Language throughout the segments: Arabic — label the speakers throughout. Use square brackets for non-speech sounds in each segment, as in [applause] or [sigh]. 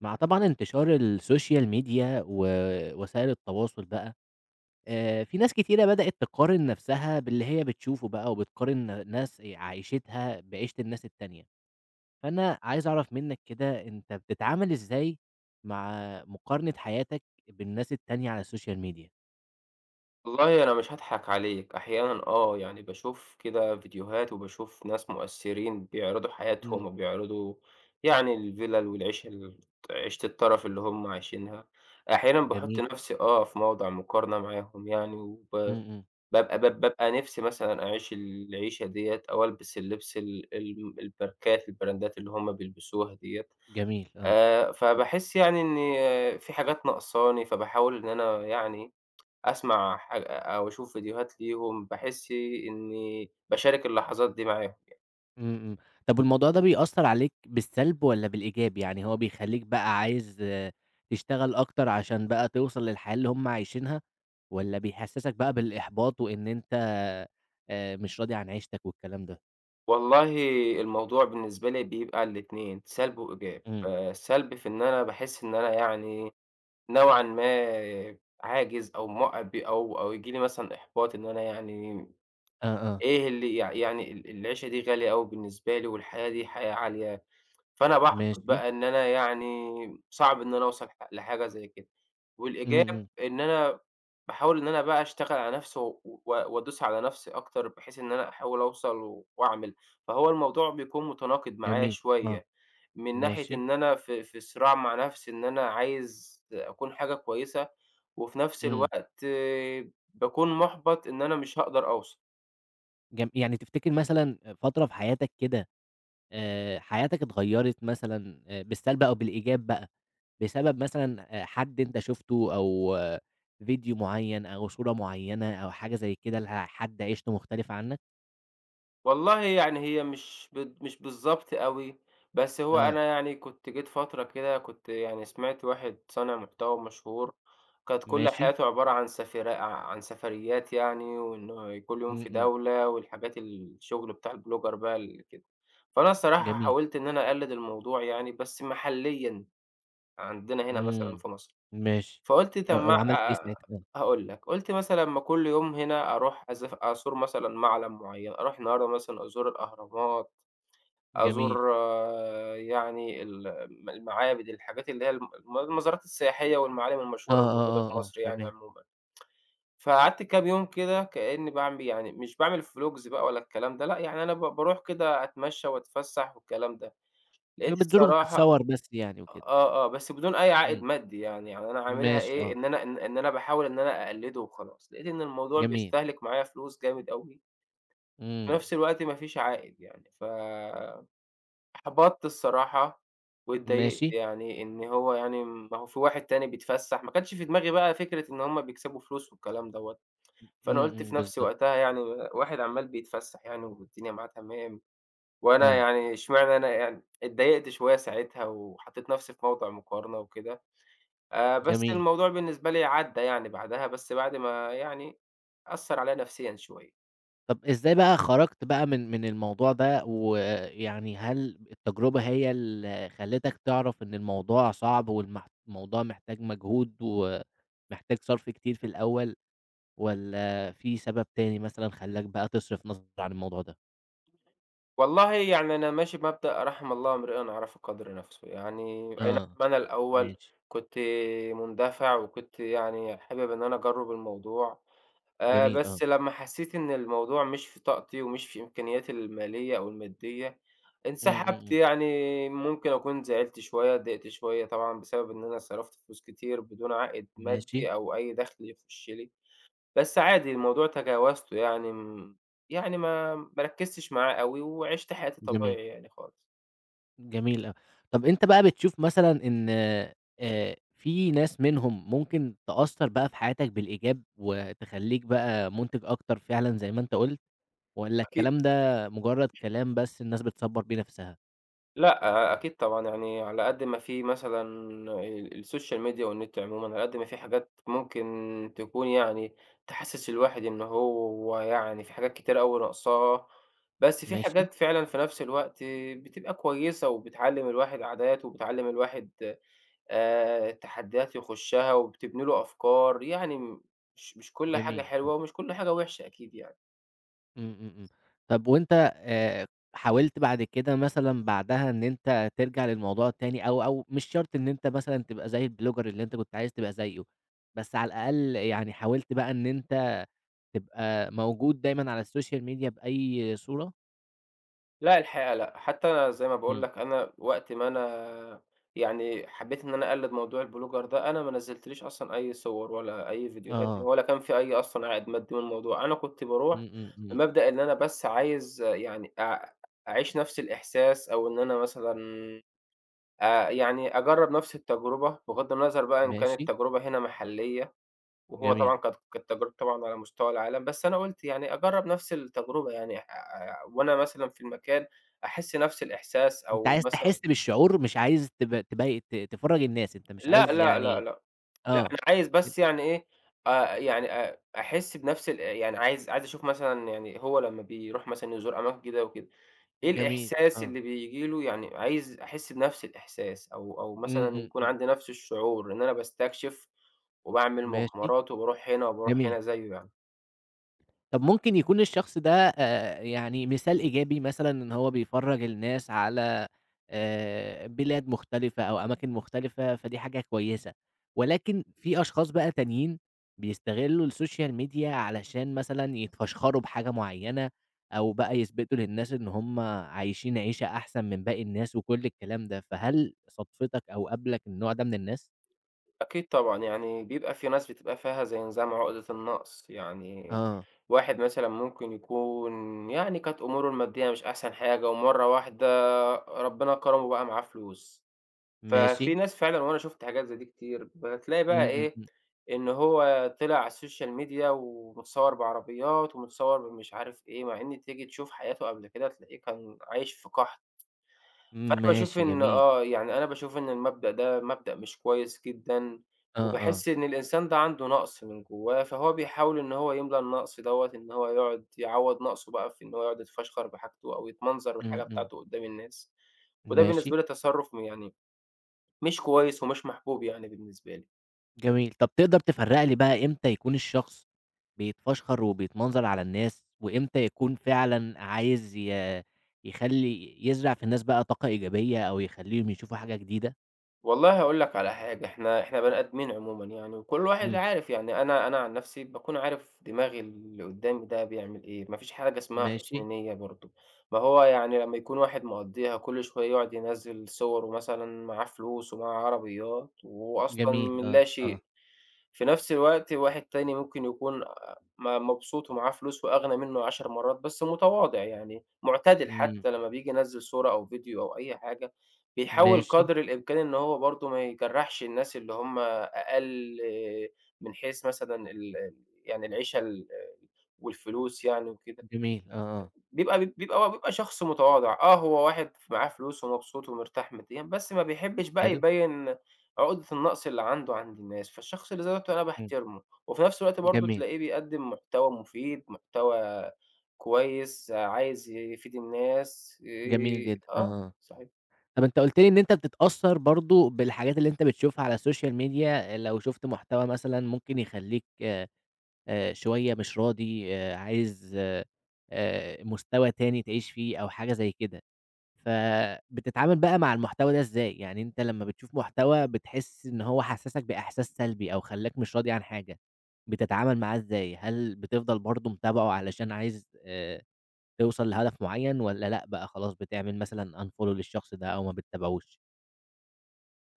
Speaker 1: مع طبعًا انتشار السوشيال ميديا ووسائل التواصُل بقى آآ، في ناس كتيرة بدئت تقارن نَفْسها باللي هي بتشوفه بقى وبتقارن ناس عيشتها بعيشة الناس التانية، فأنا عايز أعرَف منك كده أنت بتتعامل إزاي مع مقارنة حياتك بالناس التانية على السوشيال ميديا؟
Speaker 2: والله أنا مش هاضحَك عليك، أحيانًا آه، يعني باشوف كده فيديوهات وباشوف ناس مؤثّرين بيعرِضوا حياتهم
Speaker 1: إمم.
Speaker 2: وبيعرِضوا يعني الفيلَل والعيشة، الت عيشة الترَف اللي هُم عايشينها أحيانًا باحُط
Speaker 1: جميل.
Speaker 2: نَفْسي، آه في موضوع مقارنة معاهم يعني
Speaker 1: إمم،
Speaker 2: وب
Speaker 1: إمم.
Speaker 2: باب باب بابقى نِفسي مثلًا أعيش العيشة ديّة أو ألبس اللِّبس ال ال الماركات، البراندات اللي هُم بيلبِسوها ديّة
Speaker 1: جميل، آه،
Speaker 2: آآ،
Speaker 1: إمم.
Speaker 2: فباحس يعني إن في حاجات ناقصاني فباحاول إن أنا يعني [tsk] أسمَع ح أ أو أشوف فيديوهات ليهم، باحس إني باشارك اللحظات دي معاهم يعني.
Speaker 1: إمم، إمم، طَب والموضوع ده بيأثّر عليك بالسلب والّا بالإيجاب؟ يعني هو بيخلّيك بقى عايز تشتغل أكتر عشان بقى توصَل للحياة اللي هُم عايشينها؟ والّا بيحسّسك بقى بالإحباط وإن أنت آآ مش راضي عن عيشتك والكلام ده؟
Speaker 2: والله الموضوع بالنسبة لي بيبقى الاتنين، سلْب وإيجاب
Speaker 1: إمم.
Speaker 2: آآ، سلْب في إن أنا باحس إن أنا يعني نوعًا ما عاجز أو م أو أو ييجي لي مثلًا إحباط إن أنا يعني
Speaker 1: آه، آه.
Speaker 2: إيه اللي يع يعني ال العيشة دي غالية أوي بالنسبة لي، والحياة دي حياة عالية فأنا بأُحبَط
Speaker 1: ماشي.
Speaker 2: بقى إن أنا يعني صعب إن أنا أوصَل لح لحاجة زي كده،
Speaker 1: إمم،
Speaker 2: والإيجاب
Speaker 1: إمم.
Speaker 2: إن أنا باحاول إن أنا بقى أشتغل على نفسي و و وأدوس على نَفْسي أكتر بحيث إن أنا أحاول أوصَل وأعمل، فهو الموضوع بيكون متناقض معايا
Speaker 1: جميل، آه،
Speaker 2: شوية من ناحية
Speaker 1: ماشي.
Speaker 2: إن أنا ف في صراع مع نَفْسي إن أنا عايز أكُون حاجة كويسة وفي نَفْس
Speaker 1: إمم.
Speaker 2: الوقت باكون مُحبَط إن أنا مش هاقدَر أوصَل.
Speaker 1: جم يعني تفتكر مثلًا آآ فترة في حياتك كده آآ حياتك اتغيّرت مثلًا آآ بالسلْب أو بالإيجاب بقى، بسبب مثلًا آآ حد أنت شُفته أو فيديو معيّن أو صورة معيّنة أو حاجة زي كده، ل آآ حد عيشته مختلِفة عنك؟
Speaker 2: والله يعني هي مش بت مش بالضبط أوي، بس هو
Speaker 1: آه.
Speaker 2: أنا يعني كنت جيت فترة كده، كنت يعني سمِعت واحد صانع محتوى مشهور كانت كل
Speaker 1: ماشي.
Speaker 2: حياته عبارة عن سفري عن سفريات يعني، وإنّه كل يوم في
Speaker 1: إمم، إمم.
Speaker 2: دولة والحاجات الشغل بتاع البلوجر بقى اللي كده، فأنا الصراحة
Speaker 1: جميل.
Speaker 2: حاولت إن أنا أقلّد الموضوع يعني بس محليًا عندنا هنا مثلًا
Speaker 1: إمم،
Speaker 2: في مصر،
Speaker 1: ماشي،
Speaker 2: فقُلت
Speaker 1: أ
Speaker 2: طَب
Speaker 1: أ
Speaker 2: ما
Speaker 1: وعملت
Speaker 2: اع
Speaker 1: إيه
Speaker 2: آآ
Speaker 1: ساعتها بقى؟
Speaker 2: هاقول لك، قُلت مثلًا ما كل يوم هنا أرُوح أزف أزور مثلًا مَعلَم معيّن أرُوح النهارده مثلًا أزور الأهرامات،
Speaker 1: جميل.
Speaker 2: أزور يعني ال م المعابد، الحاجات اللي هي الم الم المزارات السياحية والمعالِم
Speaker 1: آه،
Speaker 2: المشهورة اللي موجودة
Speaker 1: آه،
Speaker 2: في
Speaker 1: آه، آه،
Speaker 2: مصر يعني
Speaker 1: تمام.
Speaker 2: عمومًا، [tsk] فقعَدت كام يوم كده كأني باعم يعني مش باعمل فلوجز بقى ولا الكلام ده لأ، يعني أنا ب بارُوح كده أتمشّى وأتفسّح والكلام ده،
Speaker 1: آآ
Speaker 2: لقيت
Speaker 1: بتزور
Speaker 2: الصراحة
Speaker 1: وبتتصوّر بس يعني وكده؟
Speaker 2: آه، آه، بس بدون أي عائد
Speaker 1: إمم.
Speaker 2: مادّي يعني، يعني أنا عاملها
Speaker 1: ماشي،
Speaker 2: إيه،
Speaker 1: آه.
Speaker 2: إن أنا إن إن أنا باحاول إن أنا أقلّده وخلاص، لقيت إن الموضوع
Speaker 1: جميل.
Speaker 2: بيستهلِك معايا فلوس جامد أوي. في
Speaker 1: إمم.
Speaker 2: نَفْس الوقت ما فيش عائد يعني، فأُحبَطت الصراحة وإتضايقت
Speaker 1: ماشي.
Speaker 2: يعني إن هو يعني ما هو في واحد تاني بيتفسّح، ما كانش في دماغي بقى فكرة إن هُم بيكسَبوا فلوس والكلام دوّة،
Speaker 1: إمم،
Speaker 2: فأنا قُلت
Speaker 1: إمم،
Speaker 2: في نفسي
Speaker 1: بالضبط.
Speaker 2: وقتها يعني واحد عمّال بيتفسّح يعني والدنيا معاه تمام وأنا
Speaker 1: آه.
Speaker 2: يعني، إشمعنى أنا يعني، اتضايقت شوية ساعتها وحطّيت نَفْسي في موضِع مقارنة وكده آآ، بس
Speaker 1: جميل.
Speaker 2: الموضوع بالنسبة لي عدّى يعني بعدها، بس بعد ما يعني أثّر عليَّ نفسيًا شوية.
Speaker 1: طَب إزاي بقى خرجت بقى من من الموضوع ده، ويعني هل التجربة هي اللي خلّتك تعرف إن الموضوع صعب، والمحت الموضوع محتاج مجهود، و محتاج صرف كتير في الأول، والّا في سبب تاني مثلًا خلاك بقى تصرف نظر عن الموضوع ده؟
Speaker 2: والله يعني أنا ماشي بمبدأ رحم الله امرئٍ عرف قَدر نفسه، يعني أي نعم
Speaker 1: آه،
Speaker 2: أنا الأول
Speaker 1: ماشي.
Speaker 2: كنت مندفع، وكنت يعني حابب إن أنا أجرّب الموضوع، آآ
Speaker 1: جميل، آه.
Speaker 2: بس لمّا حسّيت إن الموضوع مش في طاقتي، ومش في إمكانياتي المالية أو المادية،
Speaker 1: إمم، إمم،
Speaker 2: انسحبت.
Speaker 1: إمم.
Speaker 2: يعني ممكن أكون زعلت شوية، اتضايقت شوية طبعًا، بسبب إن أنا صرفت فلوس كتير بدون عائد
Speaker 1: ماشي.
Speaker 2: مادي، أو أي دخل يخش لي، بس عادي الموضوع تجاوزته، يعني م يعني ما ما ركّزتش معاه أوي، وعِشت حياتي
Speaker 1: آه.
Speaker 2: الطبيعية يعني خالص.
Speaker 1: جميل أ طَب أنت بقى بتشوف مثلًا إن آآ في ناس منهم ممكن تأثر بقى في حياتك بالإيجاب، وتخلّيك بقى مُنتِج أكتر فعلًا زَي ما أنت قُلت، والّا
Speaker 2: أكيد.
Speaker 1: الكلام ده مجرد كلام بس الناس بتصّبر بيه نفسها؟
Speaker 2: لأ أ أكيد طبعًا يعني على قد ما في مثلًا آآ الSocial media والنت عمومًا على قد ما في حاجات ممكن تكون يعني تِحسس الواحد إن هو يعني في حاجات كتيرة أوي ناقصاه. بس في
Speaker 1: ماشي.
Speaker 2: حاجات فعلًا في نفس الوقت بتبقى كويسة وبتعلّم الواحد عادات وبتعلّم الواحد آآ التحديات يخشها وبتبني له أفكار يعني م مش مش كل حاجة
Speaker 1: جميل، آه.
Speaker 2: حلوة ومش كل حاجة وحشة أكيد يعني.
Speaker 1: إمم، إمم، إمم. طب وأنت آآ حاولت بعد كده مثلًا بعدها إن أنت ترجع للموضوع التاني أو أو مش شرط إن أنت مثلًا تبقى زي الBlogger اللي أنت كنت عايز تبقى زيّه، بس على الأقل يعني حاولت بقى إن أنت تبقى موجود دايمًا على الSocial media بأي صورة؟
Speaker 2: لأ الحقيقة لأ، حتى زي ما باقول
Speaker 1: إمم.
Speaker 2: لك أنا وقت ما أنا يعني حبيّت إن أنا أقلّد موضوع الBlogger ده أنا ما نزّلتليش أصلًا أي صور ولا أي فيديوهات
Speaker 1: آه.
Speaker 2: ولا كان في أي أصلًا عائد مادّي من الموضوع. أنا كنت
Speaker 1: إمم،
Speaker 2: باروح
Speaker 1: إمم، إمم.
Speaker 2: بمبدأ إن أنا بس عايز يعني أع أعيش نفس الإحساس أو إن أنا مثلًا أ يعني أجرب نفس التجربة، بغض النظر بقى إن كانت
Speaker 1: ماشي.
Speaker 2: التجربة هنا محلية وهو
Speaker 1: جميل.
Speaker 2: طبعًا ك كانت تجربة طبعًا على مستوى العالم، بس أنا قُلت يعني أجرّب نفس التجربة يعني آآ وأنا مثلًا في المكان أحس نفس الإحساس
Speaker 1: أنت
Speaker 2: أو
Speaker 1: عايز تحس
Speaker 2: مثلًا
Speaker 1: بالشعور مش عايز تب تبي ت تفرّج الناس، أنت مش
Speaker 2: لأ
Speaker 1: عايز
Speaker 2: لأ لأ
Speaker 1: يعني
Speaker 2: لأ. لأ،
Speaker 1: آه.
Speaker 2: أنا عايز
Speaker 1: أ
Speaker 2: بس يعني إيه أ يعني أ أحسّ بنفس الا يعني عايز عايز أشوف مثلًا يعني هو لمّا بيروح مثلًا يزور أماكن جديدة وكده، إيه
Speaker 1: جميل
Speaker 2: الإحساس
Speaker 1: آه.
Speaker 2: اللي بييجي له؟ يعني عايز أحسّ بنفْس الإحساس أو أو
Speaker 1: إمم،
Speaker 2: مثلًا
Speaker 1: إمم،
Speaker 2: يكون
Speaker 1: إمم.
Speaker 2: عندي نفس الشعور إن أنا باستكشف وباعمل
Speaker 1: ماشي.
Speaker 2: مغامرات وباروح هنا وباروح
Speaker 1: جميل.
Speaker 2: هنا زيّه يعني.
Speaker 1: طَب ممكن يكون الشخص ده آآ يعني مثال إيجابي مثلًا، إن هو بيفرّج الناس على آآ بلاد مختلِفة أو أماكن مختلِفة، فدي حاجة كويّسة. ولكن في أشخاص بقى تانيين، بيستغلوا الsocial media علشان مثلًا يتفشخروا بحاجة معيّنة، أو بقى يثبِتوا للناس إن هُم عايشين عيشة أحسَن من باقى الناس، وكل الكلام ده. فهل صادفِتك أو قابلك النوع ده من الناس؟
Speaker 2: أكيد طبعًا، يعني بيبقى في ناس بتبقى فيها زي نظام عُقدة النقص، يعني
Speaker 1: آه.
Speaker 2: واحد مثلًا ممكن يكون، يعني كانت أمُوره المادّية مش أحسن حاجة، ومرّة واحدة ربنا كرمه وبقى معاه فلوس. ففي
Speaker 1: ماشي.
Speaker 2: ناس فعلًا، وأنا شُفت حاجات زي دي كتير، بتلاقي
Speaker 1: إمم،
Speaker 2: بقى
Speaker 1: إمم،
Speaker 2: إيه،
Speaker 1: إمم.
Speaker 2: إن هو طلِع على الsocial media ومتصوّر بعربيات ومتصوّر بمش عارف إيه، مع إن تيجي تشوف حياته قبل كده تلاقيه كان عايش في قحْط. فأنا باشوف
Speaker 1: ماشي
Speaker 2: إن
Speaker 1: جميل.
Speaker 2: آه، يعني أنا باشوف إن المبدأ ده مبدأ مش كويس جدًا.
Speaker 1: آه، آه.
Speaker 2: وباحس إن الإنسان ده عنده نقْص من جوّاه، فهو بيحاول إن هو يملى النقْص دوّة، إن هو يقعُد يعوّض نقْصه بقى في إن هو يقعُد يتفشخَر بحاجته أو يتمنظَر بالحاجة
Speaker 1: إمم، إمم.
Speaker 2: بتاعته قُدّام الناس. وده
Speaker 1: ماشي.
Speaker 2: بالنسبة لي تصرُّف م يعني، مش كويّس ومش محبوب يعني بالنسبة لي.
Speaker 1: جميل، طَب تقدر تفرّق لي بقى، إمتى يكون الشخص بيتفشّخر وبيتمنظر على الناس، وإمتى يكون فعلًا عايز ي يخلّي، يزرع في الناس بقى طاقة إيجابية، أو يخليهم يشوفوا حاجة جديدة؟
Speaker 2: والله هاقول لك على حاجة، إحنا إحنا بني آدمين عمومًا، يعني، وكل واحد
Speaker 1: إمم.
Speaker 2: عارف، يعني أنا أنا عن نفسي، باكون عارف دماغ اللي قدامي ده بيعمل إيه، ما فيش حاجة اسمها حُسن
Speaker 1: ماشي.
Speaker 2: نية برضه، ما هو يعني لما يكون واحد مقضّيها كل شوية يقعد ينزِّل صُوَرُه، مثلًا، معاه فلوس، ومعاه عربيات، وهو أصلًا من
Speaker 1: جميل آه، آه.
Speaker 2: اللاشيء، في نفس الوقت واحد تاني ممكن يكون م مبسوط، ومعاه فلوس، وأغنى منه 10 مرات، بس متواضع، يعني معتدل،
Speaker 1: إمم.
Speaker 2: حتى لما بييجي ينول صورة أو فيديو أو أي حاجة، بيحاول
Speaker 1: ماشي.
Speaker 2: قدر الإمكان إن هو برضه ما يجرّحش الناس اللي هُم أقل من حيث، مثلًا، ال ال يعني العيشة ال والفلوس، يعني وكده.
Speaker 1: جميل آه، آه.
Speaker 2: بيبقى بيبقى بيبقى شخص متواضع، آه، هو واحد معاه فلوس، ومبسوط، ومرتاح ماديًا، بس ما بيحبش بقى
Speaker 1: حلو.
Speaker 2: يبين عقدة النقص اللي عنده عند الناس. فالشخص اللي زي دوّة أنا
Speaker 1: إمم.
Speaker 2: باحترمه. وفي نفس الوقت برضه
Speaker 1: جميل.
Speaker 2: تلاقيه بيقدم محتوى مفيد، محتوى كويس، عايز يفيد الناس.
Speaker 1: جميل
Speaker 2: آآ
Speaker 1: جدًا، آه،
Speaker 2: آه،
Speaker 1: آه،
Speaker 2: صحيح.
Speaker 1: طَب أنت قُلت لي إن أنت بتتأثر برضه بالحاجات اللي أنت بتشوفها على السوشيال ميديا. لو شُفت محتوى، مثلًا، ممكن يخليك، آآ، شوية مش راضي، آآ، عايز، آآ، مستوى تاني تعيش فيه أو حاجة زي كده، فبتتعامل بقى مع المحتوى ده إزاي؟ يعني أنت لمّا بتشوف محتوى، بتحس إن هو حسسك بإحساس سلبي، أو خلّاك مش راضي عن حاجة، بتتعامل معاه إزاي؟ هل بتفضل برضه متابعه علشان عايز، آآ، توصل لهدف معين، والّا لأ بقى، خلاص، بتعمِل مثلًا unfollow للشخص ده، أو ما بتابعوش؟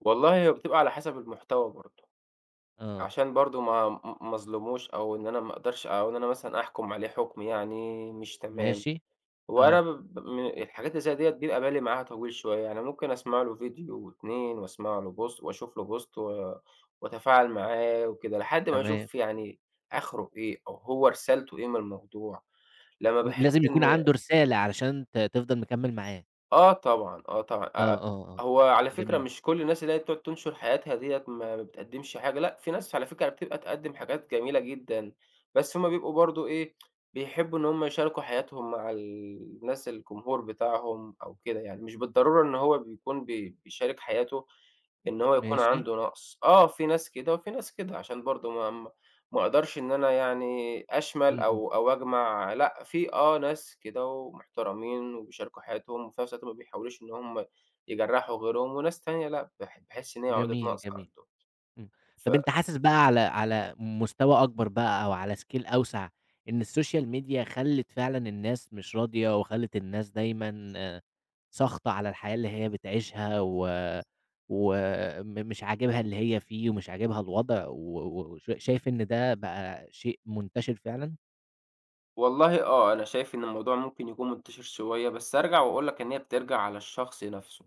Speaker 2: والله، هي بتبقي على حسب المحتوى برضه،
Speaker 1: آه.
Speaker 2: عشان برضه ما م ما أظلِمهوش أو إن أنا ما أقدَرش، أو إن أنا مثلًا أحكُم عليه حُكم يعني مش تمام،
Speaker 1: ماشي،
Speaker 2: هو أنا
Speaker 1: آه.
Speaker 2: ب ب من الحاجات زيّ ديّة بيبقى بالي معاها طويل شوية، يعني ممكن أسمَع له فيديو و2 وأسمَع له Post وأشوف له Post و وأتفاعل معاه وكده لحد ما
Speaker 1: تمام.
Speaker 2: أشوف يعني آخرُه إيه؟ أو هو رسالته إيه من الموضوع؟ لمّا
Speaker 1: ل
Speaker 2: باحس
Speaker 1: لازم
Speaker 2: إن
Speaker 1: يكون عنده رسالة علشان ت تفضَل مكمِّل معاه.
Speaker 2: آه طبعًا، آه طبعًا، أ
Speaker 1: آه،
Speaker 2: أ
Speaker 1: آه، آه،
Speaker 2: هو على فكرة
Speaker 1: جميل.
Speaker 2: مش كل الناس اللي هي بتقعُد تنشُر حياتها ديّة ما بتقدّمش حاجة، لأ في ناس على فكرة بتبقى تقدِّم حاجات جميلة جدًا بس هُم بيبقوا برضه إيه، [tsk] بيحبّوا إن هُم يشاركوا حياتهم مع ال الناس الجمهور بتاعهم أو كده يعني، مش بالضرورة إن هو بيكون بي بيشارك حياته إن هو يكون
Speaker 1: ماشي.
Speaker 2: عنده نقْص، آه في ناس كده وفي ناس كده عشان برضه ما ما أقدَرش إن أنا يعني
Speaker 1: إمم،
Speaker 2: أشمَل
Speaker 1: إمم.
Speaker 2: أو أو أجمَع، لأ في آه ناس كده ومحترَمين وبيشاركوا حياتهم في نَفْس الوقت، ما بيحاولوش إن هُم يجرّحوا غيرهم وناس تانية لأ، باح باحس إن هي عُقدة
Speaker 1: جميل،
Speaker 2: نقْص
Speaker 1: جميل.
Speaker 2: عندهم.
Speaker 1: إمم،
Speaker 2: ف
Speaker 1: طَب أنت حاسس بقى على على مستوى أكبر بقى أو على Scale أوسَع، إن الSocial Media خلّت فعلًا الناس مش راضية وخلّت الناس دايمًا ساخطة على الحياة اللي هي بتعيشها و وم مش عاجبها اللي هي فيه ومش عاجبها الوضع و وش شايف إن ده بقى شيء منتشِر فعلًا؟
Speaker 2: والله، آه، أنا شايف إن الموضوع ممكن يكون منتشر شوية، بس هارجع وأقول لك إن هي بترجع على الشخص نفسه.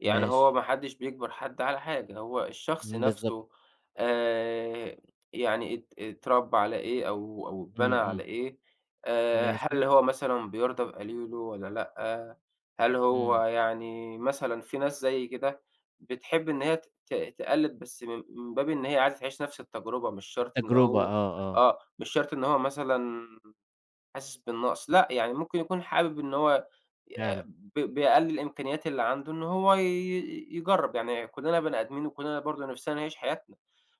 Speaker 2: يعني هو
Speaker 1: ماشي.
Speaker 2: ما حدش بيجبر حد على حاجة، هو الشخص
Speaker 1: إمم بالضبط.
Speaker 2: نفسه، آآ، يعني اتر اتربّى على إيه، أو أو اتبنى
Speaker 1: إمم،
Speaker 2: على
Speaker 1: إمم.
Speaker 2: إيه، آآ، هل
Speaker 1: ماشي.
Speaker 2: هو مثلًا بيرضى بقليله والّا لأ، هل هو،
Speaker 1: إمم.
Speaker 2: يعني مثلًا، في ناس زيي كده، بتحب إن هي ت ت تقلد، بس من من باب إن هي عايزة تعيش نفس التجربة، مش شرط إن
Speaker 1: التجربة
Speaker 2: هو
Speaker 1: آه، آه.
Speaker 2: آه، مش شرط إن هو مثلًا حاسس بالنقص، لأ، يعني ممكن يكون حابب إن هو ي
Speaker 1: فعلًا.
Speaker 2: ب بأقل الإمكانيات اللي عنده، إن هو ي يجرب يعني، كلنا بني آدمين، وكلنا برضه نفسنا نعيش حياتنا،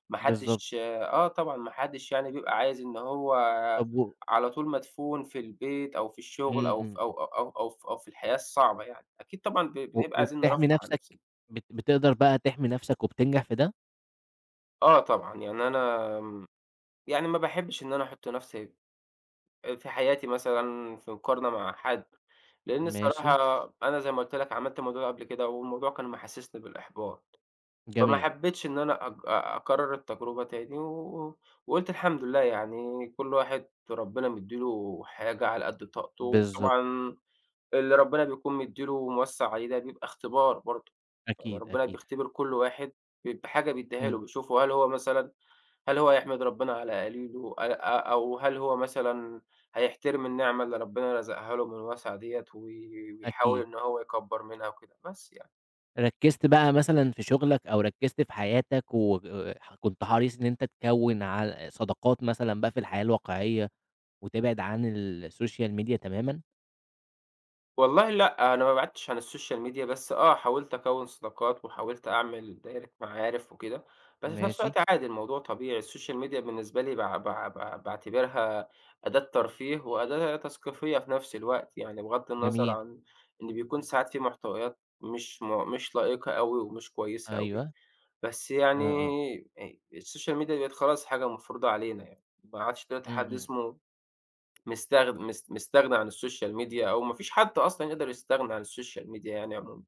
Speaker 2: ما
Speaker 1: بالضبط.
Speaker 2: حدش آه، طبعًا ما حدش، يعني، بيبقى عايز إن هو
Speaker 1: طب و
Speaker 2: على طول مدفون في البيت، أو في
Speaker 1: إمم،
Speaker 2: الشغل، أو
Speaker 1: إمم،
Speaker 2: ف أو
Speaker 1: إمم.
Speaker 2: أو أو أو في الحياة الصعبة يعني، أكيد، طبعًا، ب
Speaker 1: و
Speaker 2: بنبقى عايزين نرفه
Speaker 1: وبتحمي
Speaker 2: عن
Speaker 1: نفسك.
Speaker 2: نفسنا.
Speaker 1: بت بتقدر بقى تحمي نفسك وبتنجح في ده؟
Speaker 2: آه، طبعًا، يعني أنا يعني، ما باحبش إن أنا أحط نفسي آآ، في حياتي مثلًا، في مقارنة مع حد. لأن
Speaker 1: ماشي.
Speaker 2: الصراحة أنا زي ما قُلت لك، عملت الموضوع ده قبل كده، والموضوع كان محسسني بالإحباط؛ فما
Speaker 1: جميل.
Speaker 2: حبيتش إن أنا أك آآ أكرر التجربة تاني، و وقُلت الحمد لله، يعني كل واحد ربنا مدّي له حاجة على قد طاقته،
Speaker 1: بالضبط.
Speaker 2: وطبعًا، اللي ربنا بيكون مدّي له وموسّع عليه، ده بيبقى اختبار برضه. يعني
Speaker 1: أكيد،
Speaker 2: ربنا
Speaker 1: أكيد.
Speaker 2: بيختبر كل واحد ب بحاجة بيدّيها له،
Speaker 1: إمم.
Speaker 2: بيشوفه هل هو، مثلًا هل هو هيحمد ربنا على قليله، آآ أ أو هل هو مثلًا هيحترم النعمة اللي ربنا رَزَقها له من وسَع دِيَة، وي ويحاول
Speaker 1: أكيد.
Speaker 2: إن هو يكبر منها، وكده بس يعني.
Speaker 1: ركّزت بقى مثلًا في شُغلك أو ركّزت في حياتك و وكنت حريص إن أنت تكوّن عل صداقات مثلًا بقى في الحياة الواقعية وتبعِد عن السوشيال ميديا تمامًا؟
Speaker 2: والله لأ، أنا ما بعِدتش عن السوشيال ميديا بس آه حاولت أكوّن صداقات، وحاولت أعمل دايرة معارِف وكده، بس في نفس
Speaker 1: ماشي.
Speaker 2: الوقت عادي الموضوع طبيعي السوشيال ميديا بالنسبة لي باع باع باع باعتبرها أداة ترفيه وأداة تثقيفية في نَفْس الوقت يعني، بغض النظر
Speaker 1: جميل.
Speaker 2: عن إن بيكون ساعات في محتويات مش م مش لائقة أوي ومش كويسة أوي
Speaker 1: أيوه.
Speaker 2: بس
Speaker 1: آه،
Speaker 2: يعني
Speaker 1: آه.
Speaker 2: آآ السوشيال ميديا بقِت خلاص حاجة مفروضه علينا يعني، ما عادش دلوقتي
Speaker 1: إمم،
Speaker 2: حد
Speaker 1: إمم.
Speaker 2: اسمه مستغ مست مستغني عن السوشيال ميديا أو ما فيش حد أصلًا يقدَر يستغنى عن السوشيال ميديا يعني عمومًا.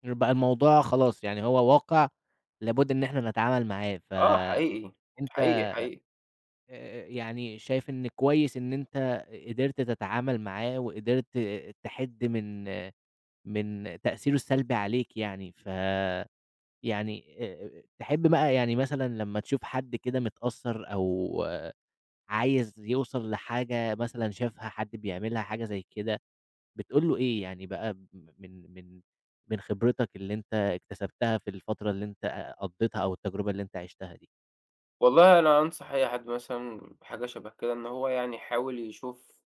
Speaker 1: [unintelligible] بقى الموضوع خلاص، يعني هو واقِع لابُد إن إحنا نتعامل معاه،
Speaker 2: آه
Speaker 1: فأنت
Speaker 2: حقيقي، حقيقي، حقيقي.
Speaker 1: آآ يعني شايف إن كويس إن أنت قدِرت تتعامل معاه وقدِرت تحِد من من تأثيره السلبي عليك يعني، فيعني آآ تحِب بقى يعني مثلًا لمّا تشوف حد كده متأثّر أو عايز يُوصَل لحاجة مثلًا شافها حد بيعملها حاجة زي كده بتقول له إيه؟ يعني بقى م من من من خِبرتك اللي أنت اكتسبتها في الفترة اللي أنت قضّيتها أو التجربة اللي أنت عِشتها دي؟
Speaker 2: والله أنا أنصح أي حد مثلًا حاجة شبه كده، إن هو يعني يحاول يشوف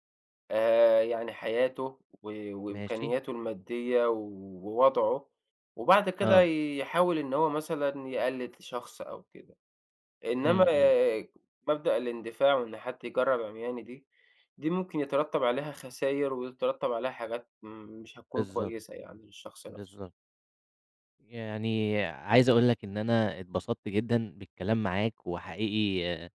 Speaker 2: آآ يعني حياته و
Speaker 1: ماشي.
Speaker 2: وإمكانياته المادّية ووضعه وبعد كده
Speaker 1: آه.
Speaker 2: يحاول إن هو مثلًا يقلِّد شخص أو كده، إنما
Speaker 1: إمم، إمم.
Speaker 2: مبدأ الإندفاع وإن حد يجرّب عِمياني دي، دي ممكن يترتَّب عليها خساير، ويترتَّب عليها حاجات م مش هتكون
Speaker 1: بالضبط،
Speaker 2: كويسة يعني للشخص نَفْسه.
Speaker 1: بالضبط. يعني عايز أقول لك إن أنا اتبسطت جدًا بالكلام معاك وحقيقي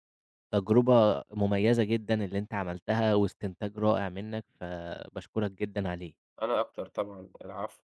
Speaker 1: تجرُبة مميّزة جدًا اللي أنت عملتها واستنتاج رائع منك فباشكرك جدًا عليه.
Speaker 2: أنا أكتر طبعًا، العفو.